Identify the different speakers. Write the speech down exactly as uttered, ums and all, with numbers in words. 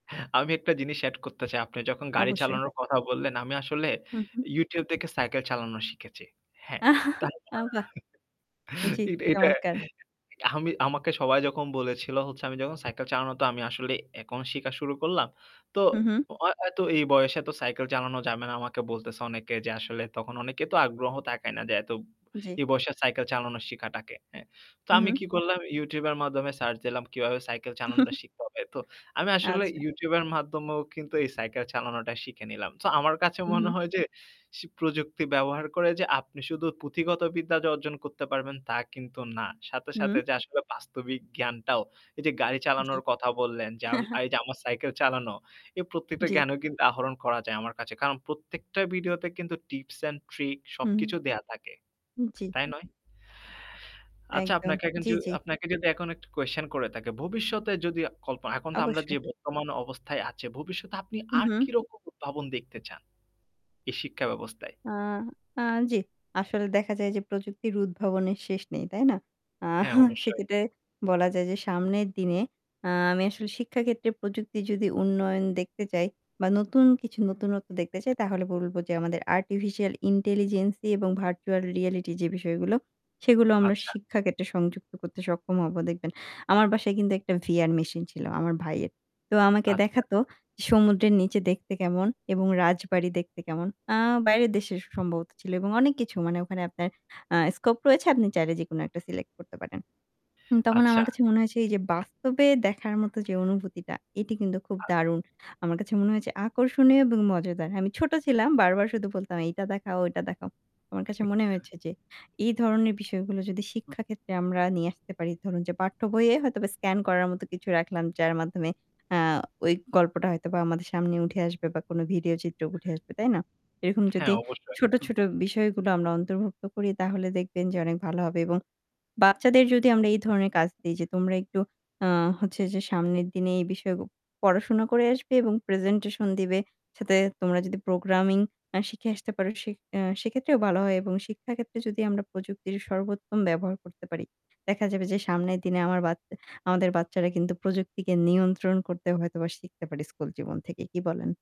Speaker 1: অ্যা আমি একটা জিনিস এড করতে চাই। আপনি যখন গাড়ি
Speaker 2: অবশ্যই।
Speaker 1: চালানোর কথা বললেন আমি আসলে
Speaker 2: হু, হু।
Speaker 1: YouTube দেখে সাইকেল চালানো শিখেছি। হ্যাঁ,
Speaker 2: আ
Speaker 1: তাই
Speaker 2: বাহ! জ্বি,
Speaker 1: এ এটা
Speaker 2: চমৎকার।
Speaker 1: অ্যাহ আমি আমাকে সবাই যখন বলেছিল হচ্ছে, আমি যখন সাইকেল চালানোতো আমি আসলে এখন শিখা শুরু করলাম। তো
Speaker 2: হু, হু।
Speaker 1: ও অ্যা তো এই বয়সে এতো সাইকেল চালানো যাবে না। আমাকে বলতেছে অনেকে যে আসলে তখন অনেকে তো আগ্রহ তাকায় না যে এত
Speaker 2: জ্বী।
Speaker 1: এই বয়সে সাইকেল চালানো শিখাটাকে, হ্যাঁ। তো
Speaker 2: হু,
Speaker 1: আমি
Speaker 2: হু।
Speaker 1: কি করলাম YouTube এর মাধ্যমে সার্চ দিলাম কিভাবে সাইকেল চালানোটা শিখতে হবে। তো আমি আসলে
Speaker 2: আচ্ছা।
Speaker 1: YouTube এর মাধ্যমেও কিন্তু এই সাইকেল চালানোটা শিখে নিলাম। তো আমার কাছে
Speaker 2: হু,
Speaker 1: মনে
Speaker 2: হু।
Speaker 1: হয় যে, প্রযুক্তি ব্যবহার করে যে আপনি শুধু পুঁথিগত বিদ্যা যে অর্জন করতে পারবেন তা কিন্তু না। সাথে, সাথে
Speaker 2: হুম।
Speaker 1: যে আসলে বাস্তবিক জ্ঞানটাও। এই যে গাড়ি
Speaker 2: জ্বী।
Speaker 1: চালানোর কথা বললেন যা এই যা আমার সাইকেল চালানো, এই প্রত্যেকটা
Speaker 2: জ্বী।
Speaker 1: জ্ঞানও কিন্তু আহরণ করা যায় আমার কাছে। কারণ প্রত্যেকটা ভিডিওতে কিন্তু টিপস অ্যান্ড ট্রিক
Speaker 2: হু।
Speaker 1: সবকিছু দেয়া থাকে।
Speaker 2: হু, জ্বী।
Speaker 1: তাই নয়? আচ্ছা
Speaker 2: একদম
Speaker 1: আপনাকে এক
Speaker 2: জ্বি, জ্বি।
Speaker 1: আপনাকে যদি এখন একটা কুয়েসশন করে থাকি। ভবিষ্যতে যদি কল্পনা এখন তো আমরা
Speaker 2: অবশ্যই।
Speaker 1: যে বর্তমান অবস্থায় আছে, "ভবিষ্যতে আপনি
Speaker 2: হু,
Speaker 1: আর
Speaker 2: হু।
Speaker 1: কিরকম উদ্ভাবন দেখতে চান?" এই শিক্ষাব্যবস্থায়।
Speaker 2: আ আ জ্বি। আসলে দেখা যায় যে, প্রযুক্তির উদ্ভাবনের শেষ নেই, তাই না? আ
Speaker 1: হ্যাঁ, অবশ্যই।
Speaker 2: সেক্ষেত্রে বলা যায় যে, সামনের দিনে আ আমি আসলে শিক্ষাক্ষেত্রে প্রযুক্তি যদি উন্নয়ন দেখতে চাই বা নতুন কিছু নতুনত্ব দেখতে চাই তাহলে বলবো যে আমাদের আর্টিফিশিয়াল ইন্টেলিজেন্স দিয়ে এবং ভার্চুয়াল রিয়েলিটি যে বিষয়গুলো সেগুলো আমরা
Speaker 1: আচ্ছা।
Speaker 2: শিক্ষা ক্ষেত্রে সংযুক্ত করতে সক্ষম হবো দেখবেন। আমার বাসায় কিন্তু একটা VR মেশিন ছিলো। আমার ভাইয়ের। তো আমাকে
Speaker 1: আচ্ছা।
Speaker 2: দেখাতো সমুদ্রের নিচে দেখতে কেমন এবং রাজবাড়ি দেখতে কেমন। আ বাইরের দেশে সম্ভবত ছিল এবং অনেক কিছু মানে ওখানে আপনার আ স্কোপ রয়েছে আপনি চাইলে যেকোনো একটা সিলেক্ট করতে পারেন। তখন
Speaker 1: আচ্ছা।
Speaker 2: আমার কাছে মনে হয়েছে, এই যে বাস্তবে দেখার মতো যে অনুভূতিটা এটি কিন্তু খুব
Speaker 1: আ
Speaker 2: দারুণ। আমার কাছে মনে হয়েছে আকর্ষণীয় এবং মজাদার। আমি ছোট ছিলাম বারবার শুধু বলতাম এইটা দেখাও, ঐটা দেখাও। আমার কাছে মনে হয়েছে যে, এহ এই ধরনের বিষয়গুলো যদি শিক্ষা ক্ষেত্রে আমরা নিয়ে আসতে পারি, ধরুন যে পাঠ্যবইয়ে হয়তোবা স্কেন করার মত কিছু রাখলাম যার মাধ্যমে আ ওই গল্পটা হয়তোবা আমাদের সামনে উঠে আসবে বা কোনো ভিডিও চিত্র উঠে আসবে। তাই না? এরকম
Speaker 1: হ্যাঁ,
Speaker 2: যদি
Speaker 1: অবশ্যই।
Speaker 2: ছোট, ছোট বিষয়গুলো আমরা অন্তর্ভুক্ত করি তাহলে দেখবেন যে অনেক ভালো হবে এবং বাচ্চাদের যদি আমরা এই ধরনের কাজ দিই যে, তোমরা একটু আ হচ্ছে যে সামনের দিনে এই বিষয় পড়াশোনা করে আসবে এবং প্রেজেন্টেশন দিবে। সাথে তোমরা যদি প্রোগ্রামিং এহ শিখে আসতে পারো সে সেক্ষেত্রেও ভালো হয় এবং শিক্ষা ক্ষেত্রে যদি আমরা প্রযুক্তির সর্বোত্তম ব্যবহার করতে পারি। দেখা যাবে যে সামনের দিনে আমার বাচ আমাদের বাচ্চারা কিন্তু প্রযুক্তিকে নিয়ন্ত্রণ করতে হয়তোবা শিখতে পারি স্কুল জীবন থেকেই। কি বলেন?